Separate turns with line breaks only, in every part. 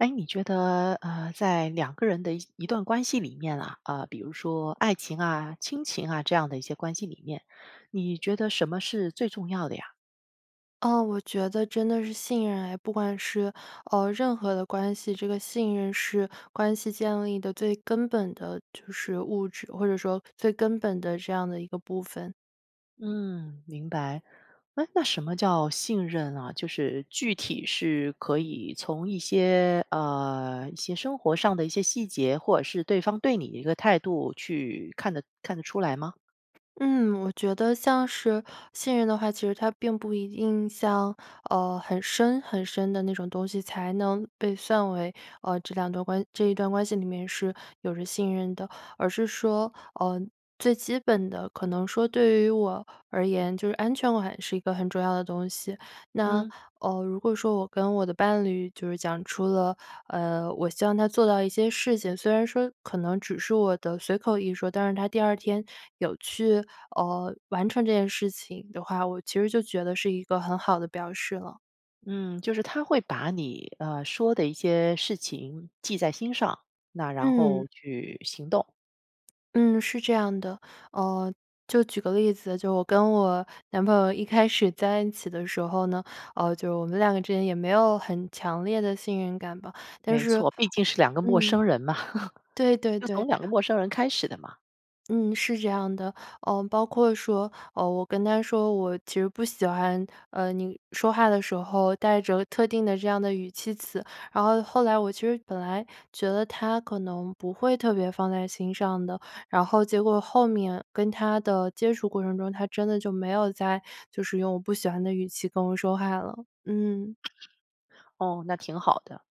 哎，你觉得，呃，在2个人的一些段关系里面啊，呃，比如说爱情啊，亲情啊，这样的一些关系里面，你觉得什么是最重要的呀？
啊，我觉得真的是信任哎。不管是，呃，任何的关系，这个信任是关系建立的最根本的就是物质，或者说最根本的这样的一个部分。
嗯，明白。哎，那什么叫信任啊？就是具体是可以从一些，呃，一些生活上的一些细节，或者是对方对你一个态度去看得看得出来吗？
嗯，我觉得像是信任的话，其实它并不一定像，呃，很深很深的那种东西才能被算为，呃，这两段关这一段关系里面是有着信任的。而是说，呃，最基本的可能说对于我而言，就是安全感是一个很重要的东西。那，
嗯。
呃，如果说我跟我的伴侣就是讲出了，呃，我希望他做到一些事情，虽然说可能只是我的随口一说，但是他第2天有去，呃，完成这件事情的话，我其实就觉得是一个很好的表示了。
嗯，就是他会把你，呃，说的一些事情记在心上，那然
嗯。
后去行动。
嗯，是这样的。呃，就举个例子，就我跟我男朋友一开始在一起的时候呢，呃，就我们两个之间也没有很强烈的信任感吧，但
没
是
错，毕竟是两个陌
嗯，
生人嘛，
对 对
就从
对。
两个陌生人开始的嘛。
嗯，是这样的。呃，包括说，呃，我跟他说我其实不喜欢，呃，你说话的时候带着特定的这样的语气词，然后后来我其实本来觉得他可能不会特别放在心上的，然后结果后面跟他的接触过程中，他真的就没有再就是用我不喜欢的语气跟我说话了，嗯。
哦，那挺好的。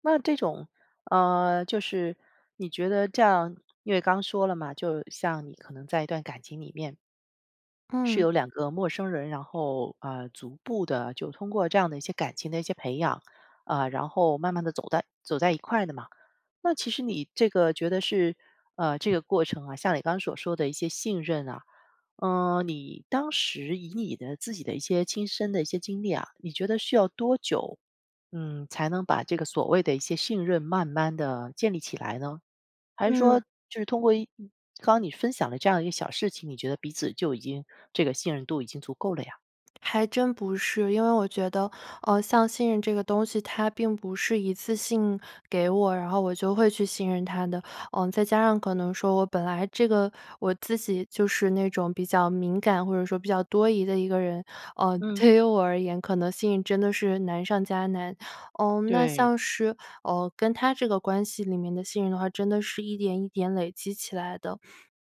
那这种，呃，就是你觉得这样因为刚说了嘛，就像你可能在一段感情里面是
嗯。
由两个陌生人，然后，呃，逐步地就通过这样的一些感情的一些培养，啊，然后慢慢地走在走在一块的嘛。那其实你这个觉得是呃，这个过程啊，像你刚刚 所 说的一些信任啊。呃，你当时以你的自己的一些亲身的一些经历啊，你觉得需要多久，嗯，才能把这个所谓的一些信任慢慢地建立起来呢？还是说
嗯。
就是通过一刚刚你分享的这样的一个小事情，你觉得彼此就已经这个信任度已经足够了呀？
还真不是，因为我觉得，呃，像信任这个东西，他并不是一次性给我，然后我就会去信任他的。嗯，再加上可能说我本来这个我自己就是那种比较敏感或者说比较多疑的一个人，呃，
嗯。
对于我而言，可能信任真的是难上加难。嗯，那
对。
像是，呃，跟他这个关系里面的信任的话，真的是一点一点累积起来的。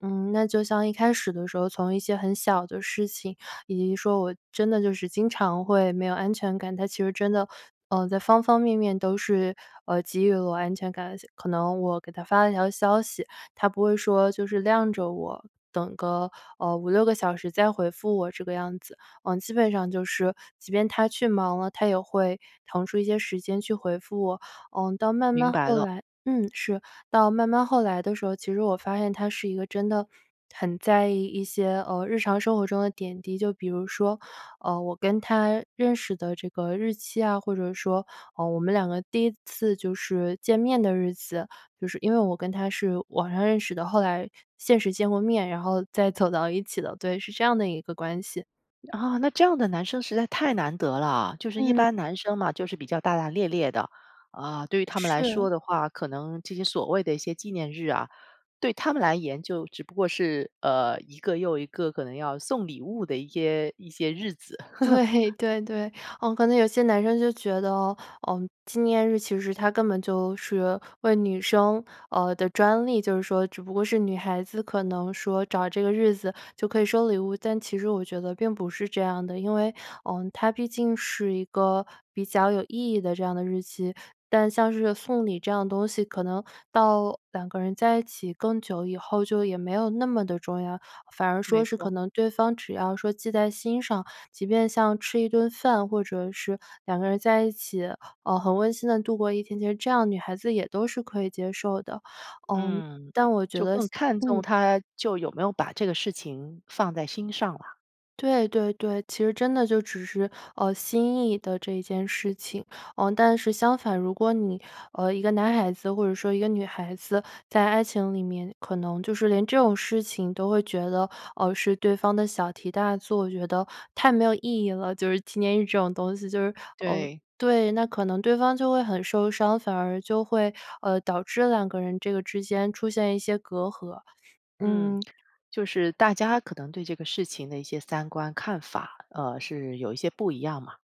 嗯，那就像一开始的时候，从一些很小的事情，以及说我真的就是经常会没有安全感，他其实真的，嗯，在方方面面都是，呃，给予了我安全感。而且可能我给他发了条消息，他不会说就是晾着我，等个，呃，5-6个小时再回复我这个样子。嗯，基本上就是，即便他去忙了，他也会腾出一些时间去回复我。嗯，到慢
明
慢
白
后
了。
来嗯，是。到慢慢后来的时候，其实我发现他是一个真的很在意一些，呃，日常生活中的点滴。就比如说，呃，我跟他认识的这个日期啊，或者说，呃，我们两个第1次就是见面的日子。就是因为我跟他是网上认识的，后来现实见过面，然后再走到一起的。对，是这样的一个关系。
啊，那这样的男生实在太难得了。就是一
嗯。
般男生嘛，就是比较大大咧咧的，啊，对于他们来
是。
说的话，可能这些所谓的一些纪念日啊，对他们来言就只不过是，呃，一个又一个可能要送礼物的一些，一些日子。
对，对，对，嗯，可能有些男生就觉得，嗯，纪念日其实它根本就是为女生呃，的专利，就是说只不过是女孩子可能说找这个日子就可以收礼物。但其实我觉得并不是这样的，因为，嗯，它毕竟是一个比较有意义的这样的日期。但像是送礼这样东西，可能到2个人在一起更久以后，就也没有那么地重要。反而
没
说是可
错。
能对方只要说记在心上，即便像吃一顿饭，或者是2个人在一起，呃，很温馨地度过一天，其实这样女孩子也都是可以接受的，嗯，
嗯，就更看
但我觉得像
重
嗯。
他就有没有把这个事情放在心上啦。
对对对，其实真的就只是，呃，心意的这件事情。呃，但是相反，如果你呃，一个男孩子或者说一个女孩子，在爱情里面可能就是连这种事情都会觉得，呃，是对方的小题大作，觉得太没有意义了，就是纪念日这种东西，就是，呃
对。
对，那可能对方就会很受伤，反而就会，呃，导致2个人这个之间出现一些隔阂，
嗯，
嗯。
就是大家可能对这个事情的一些三观、看法，呃，是有一些不一样嘛。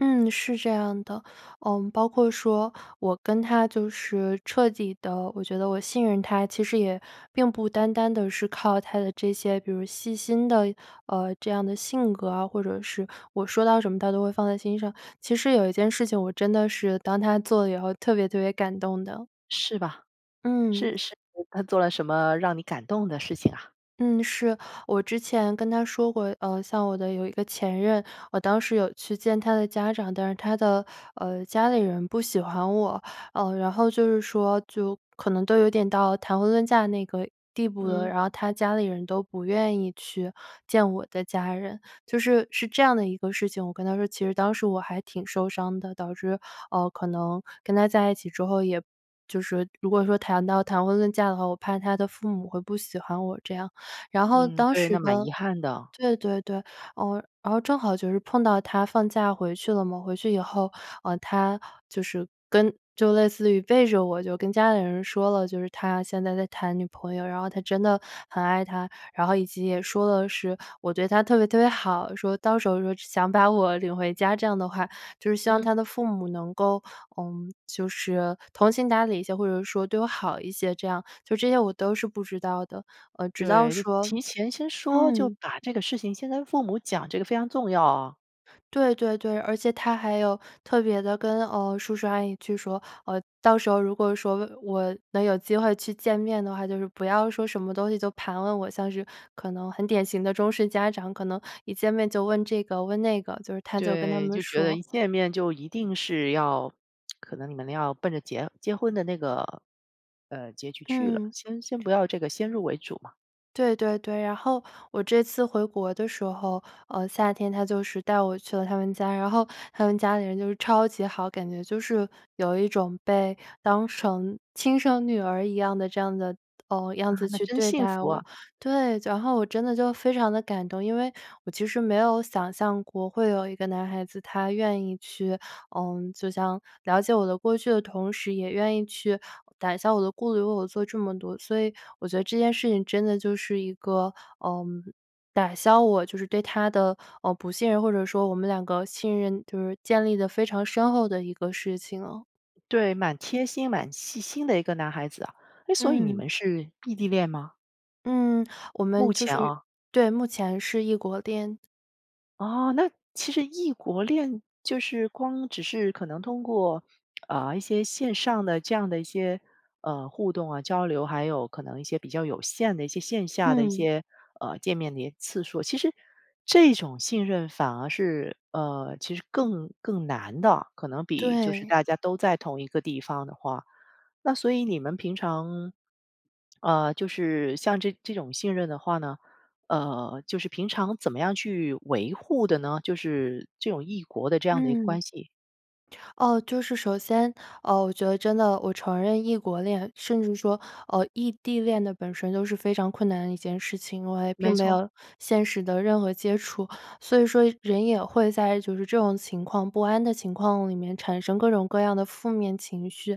嗯，是这样的。呃，包括说我跟他就是彻底地我觉得我信任他，其实也并不单单地是靠他的这些，比如细心的，呃，这样的性格啊，或者是我说到什么他都会放在心上。其实有一件事情我真的是，当他做了以后特别特别感动的。
是吧，
嗯。
是是他做了什么让你感动的事情啊？
嗯，是，我之前跟他说过，呃，像我的有一个前任，我当时有去见他的家长，但是他的，呃，家里人不喜欢我。呃，然后就是说就可能都有点到谈婚论嫁那个地步了，
嗯。
然后他家里人都不愿意去见我的家人。就是是这样的一个事情我跟他说，其实当时我还挺受伤的，导致，呃，可能跟他在一起之后，也就是如果说谈到谈婚论嫁的话，我怕他的父母会不喜欢我这样。然后
嗯，
当
对，那
时
蛮
呢
遗憾的。
对对对，呃，然后正好就是碰到他放假回去了嘛，回去以后，呃，他就是跟就类似于背着我，就跟家里人说了，就是他现在在谈女朋友，然后他真的很爱她，然后以及也说了是我对他特别特别好，说到时候说想把我领回家这样的话，就是希望
嗯。
他的父母能够，呃，就是通情达理一些，或者说对我好一些这样，就这些我都是不知道的，呃，直到
对，得
说
提前先说，就
嗯。
把这个事情先跟父母讲，这个非常重要啊。
对对对，而且他还有特别地跟，呃，叔叔阿姨去说，呃，到时候如果说我我能有机会去见面的话，就是不要说什么东西就盘问我，像是可能很典型的中式家长，可能一见面就问这个问那个，就是他就跟他
对，
们
就觉得
说。
一见面就一定是要 可能你们要奔着结结婚的那个，呃，结局去了，
嗯。
先先不要这个先入为主嘛。
对对对。然后我这次回国的时候，呃，夏天他就是带我去了他们家，然后他们家里人就是超级好，感觉就是有一种被当成亲生女儿一样的这样的呃，
啊，
样子
那
去
真
对
幸
待
福啊。
我。对，然后我真的就非常地感动，因为我其实没有想象过，会有一个男孩子，他愿意去嗯，就像了解我的过去的同时，也愿意去打消我的顾虑，为我做这么多。所以我觉得这件事情真的就是一个，嗯，打消我就是对他的，呃，不信任，或者说我们两个信任，就是建立得非常深厚的一个事情。
对，蛮贴心、蛮细心的一个男孩子啊。哎，所以你
嗯。
们是异地恋吗？
嗯，我
目
们就
前
属于
哦。
对，目前是异国恋。
哦，那其实异国恋，就是光只是可能通过，呃，一些线上的这样的一些，呃，互动啊、交流，还有可能一些比较有限的一些线下的一
嗯。
些，呃，见面的一些次数，其实，这种信任反而是呃，其实更更难的，可能比就是
对。
大家都在同一个地方的话。那所以你们平常呃，就是像这这种信任的话呢，呃，就是平常怎么样去维护的呢？就是这种异国的这样的一个
嗯，
关系。
哦，就是首先，呃，我觉得真的我承认异国恋，甚至说，呃，异地恋的本身都是非常困难的一件事情。我也并
没
没
错。
有现实的任何接触，所以说人也会在就是这种情况不安的情况里面，产生各种各样的负面情绪。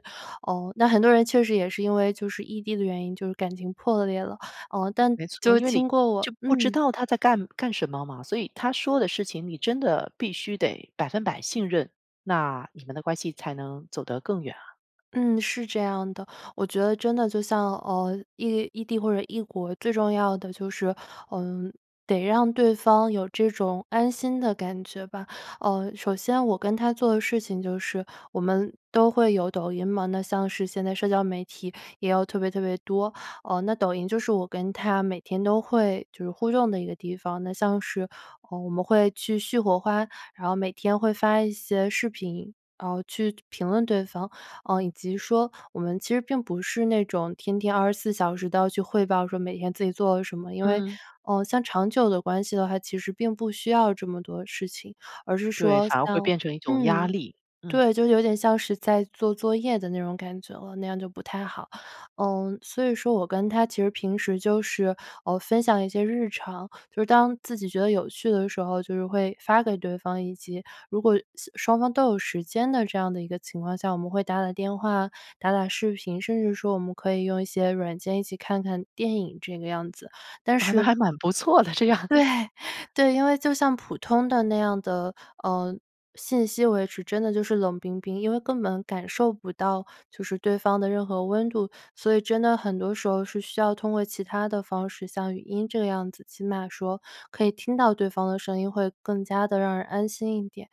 呃，那很多人确实也是因为就是异地的原因，就是感情破裂了，呃，但
没错，
就
因为你
经过我
就不知
嗯。
道他在干干什么嘛，所以他说的事情你真的必须得100%信任，那你们的关系才能走得更远啊。
嗯，是这样的。我觉得真的就像，呃，异异地或者异国，最重要的就是，呃，得让对方有这种安心的感觉吧。呃，首先我跟他做的事情就是-我们都会有抖音嘛。那像是现在社交媒体也有特别特别多，呃，那抖音就是我跟他每天都会，就是互动的一个地方。那像是，呃，我们会去续火花，然后每天会发一些视频，呃，去就评论对方，呃，以及说我们其实并不是那种天天24小时都要去汇报说每天自己做了什么。因为，
嗯。
呃，像长久的关系的话，其实并不需要这么多事情。而是
对，
说
反而会
像
变成一种压
嗯，
力，嗯。
对，就是有点像是在做作业的那种感觉了，那样就不太好。嗯，所以说我跟他其实平时就是，呃，分享一些日常，就是当自己觉得有趣的时候，就是会发给对方，以及如果时双方都有时间的这样的一个情况下，我们会打打电话、打打视频，甚至说我们可以用一些软件一起看看电影这个样子，但
啊，那
是
还蛮不错的，这样。
对，对，因为就像普通的那样的，呃，信息维持，真的就是冷冰冰。因为根本感受不到就是对方的任何温度，所以真的很多时候是需要通过其他的方式，像语音这个样子，起码说可以听到对方的声音，会更加地让人安心一点。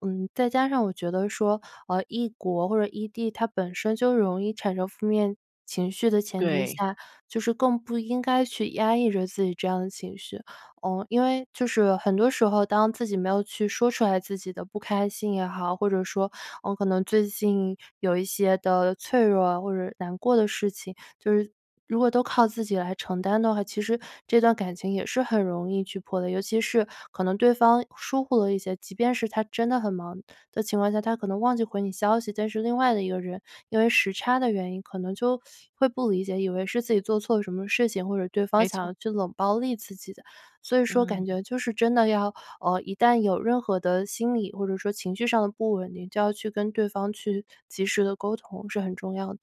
嗯，再加上我觉得说，呃，异国或者异地，它本身就容易产生负面情绪的前提
对。
下，就是更不应该去压抑着自己这样的情绪。呃，因为就是很多时候，当自己没有去说出来自己的不开心也好，或者说，嗯，可能最近有一些的脆弱或者难过的事情，就是如果都靠自己来承担的话，其实这段感情也是很容易去破裂。尤其是可能对方疏忽了一些，即便是他真的很忙的情况下，他可能忘记回你消息，但是另外的一个人，因为时差的原因，可能就 会不理解，以为是自己做错了什么事情，或者对方
没
想
错。
要去冷暴力自己的。所以说感
嗯。
觉就是真的要，呃，一旦有任何的心理，或者说情绪上的不稳定，就要去跟对方去及时地沟通，是很重要的。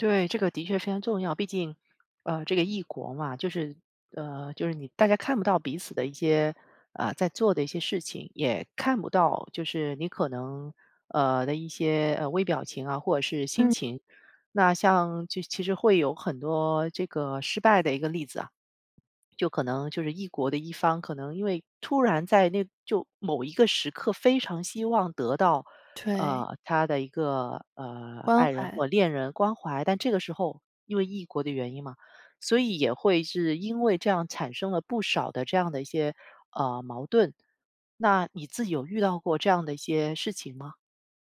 对，这个的确非常重要。毕竟，呃，这个异国嘛，就是呃，就是你大家看不到彼此的一些，呃，在做的一些事情。也看不到就是你可能呃的一些微表情啊，或者是心
嗯。
情。那像其其实会有很多这个失败的一个例子啊。就可能就是异国的一方，可能因为突然在那就某一个时刻非常希望得到，
对。
呃，他的一个，呃，
关
爱人
怀。
或恋人关怀，但这个时候，因为异国的原因嘛，所以也会是因为这样，产生了不少的这样的一些，呃，矛盾。那你自己有遇到过这样的一些事情吗？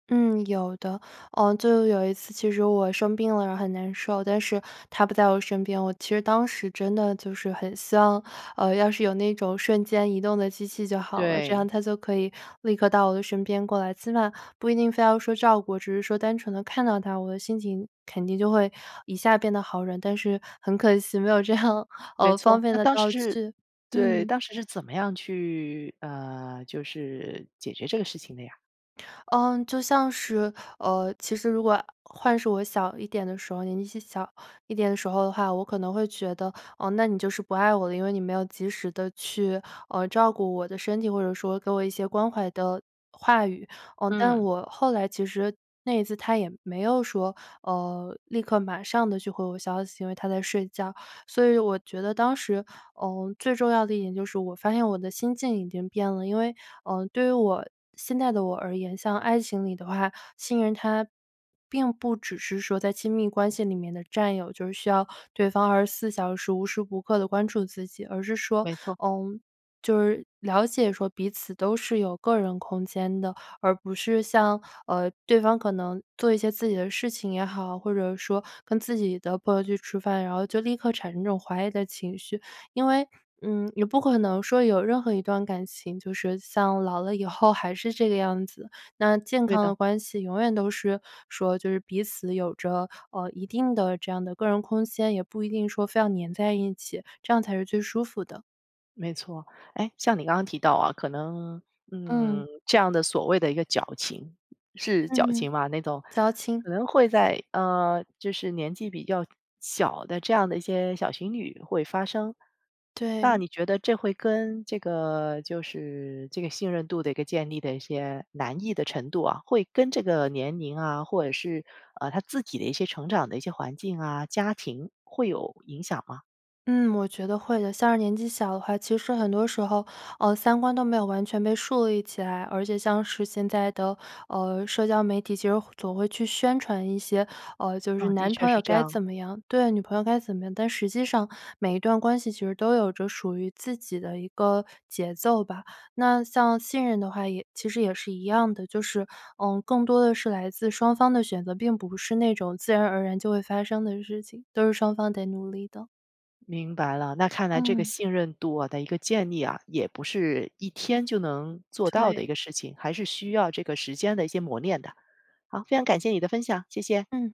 嗯，有的。呃，就有一次其实我生病了，然后很难受，但是他不在我身边。我其实当时真的就是很希望，呃，要是有那种瞬间移动的机器就好了，这样
对。
他就可以立刻到我的身边过来，起码不一定非要说照顾，只是说单纯地看到他，我的心情肯定就会一下变得好了，但是很可惜没有这样，
没
呃，方
错，
便
那
的
当时
道
是
具，
对，
嗯。
当时是怎么样去，呃，就是解决这个事情的呀？
嗯，就像是，呃，其实如果换是我小一点的时候，年纪细小一点的时候的话，我可能会觉得，呃，那你就是不爱我了，因为你没有及时地去，呃，照顾我的身体，或者说给我一些关怀的话语。呃，
嗯。
但我后来其实那一次他也没有说，呃，立刻马上地去回我消息，因为他在睡觉。所以我觉得当时，呃，最重要的一点就是我发现我的心境已经变了。因为，呃，对于我现在的我而言，像爱情里的话，信任它并不只是说在亲密关系里面的战友，就是需要对方24小时，无时无刻地关注自己。而是说，
没错。
嗯，就是了解说彼此都是有个人空间的，而不是像，呃，对方可能做一些自己的事情也好，或者说跟自己的朋友去吃饭，然后就立刻产生这种怀疑的情绪。因为，嗯，也不可能说有任何一段感情，就是像老了以后还是这个样子。那健
对
康
的。
的关系，永远都是，说，就是彼此有着，呃，一定的这样的个人空间，也不一定说非要粘在一起，这样才是最舒服的。
没错。哎，像你刚刚提到啊，可能，
嗯。
嗯，这样的所谓的一个矫情，是脚
嗯，
情吧那种，
矫情。
可能会在，呃，就是年纪比较小的这样的一些小情侣会发生。那
对。
你觉得这会跟这个就是，这个信任度的一个建立的一些难易的程度啊，会跟这个年龄啊，或者是，呃，他自己的一些成长的一些环境啊、家庭，会有影响吗？
嗯，我觉得会的。像是年纪小的话，其实很多时候，呃，三观都没有完全被树立起来。而且像是现在的，呃，社交媒体其实会总会去宣传一些，呃，就是
嗯，的
男
确
朋友
是这
该
样。
怎么样，对，女朋友该怎么样，但实际上每一段关系其实都有着属于自己的一个节奏吧。那像信任的话也其实也是一样的，就是，嗯，更多的是来自双方的选择，并不是那种自然而然就会发生的事情，都是双方得努力的。
明白了，那看来这个
嗯。
信任度啊的一个建立啊，也不是一天就能做到的一
对。
个事情，还是需要这个时间的一些磨练的。好，非常感谢你的分享，谢谢。
嗯。